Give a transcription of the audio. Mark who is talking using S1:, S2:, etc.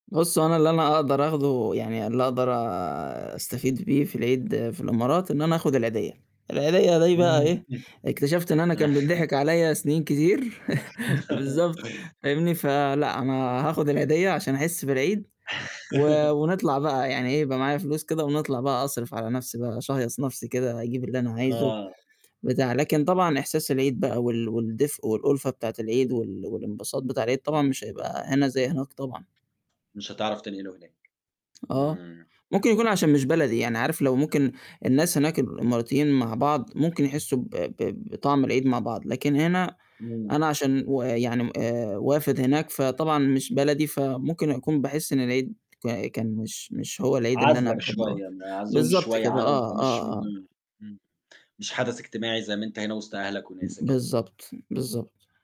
S1: بُص، هو أنا اللي أنا أقدر آخده يعني اللي أقدر أستفيد بيه في العيد في الإمارات إن أنا آخُد العيديّة، العيديّة دي بقى إيه،
S2: [unintelligible]
S1: اكتشفت إن أنا كان بيتضحك عليّا سنين كتير، بالضبط، فاهمني؟ فلأ، أنا هآخُد العيديّة عشان أحس بالعيد و ونطلع بقى يعني إيه، يبقى معايا فلوس كده ونطلع بقى أصرف على نَفْسي بقى، أشهيص نَفْسي كده، أجيب اللي أنا عايزه
S2: آه.
S1: بتاع، لكن طبعًا إحساس العيد بقى وال والدفء والأُلفة بتاعة العيد وال والانبساط بتاع العيد، طبعًا مش هيبقى هنا زي هناك طبعًا.
S2: مش هتعرف تنقِله هناك.
S1: آه،
S2: إمم.
S1: ممكن يكون عشان مش بلدي، يعني عارف لو ممكن الناس هناك الإماراتيين مع بعض ممكن يحسّوا ب ب بطعم العيد مع بعض، لكن هنا
S2: إمم.
S1: أنا عشان ويعني م آآ وافِد هناك فطبعًا مش بلدي، فممكن أكون باحس إن العيد ك كان مش مش هو العيد اللي أنا
S2: عَزلك
S1: باحبّه أو ت
S2: شوية، معزول
S1: بالضبط
S2: شوية
S1: كده،
S2: عنهم،
S1: آه،
S2: فمش
S1: آه،
S2: مه
S1: آه.
S2: إمم، مش حدث اجتماعي زي ما أنت هنا وِسط أهلك وناسك يعني.
S1: بالضبط، بالضبط.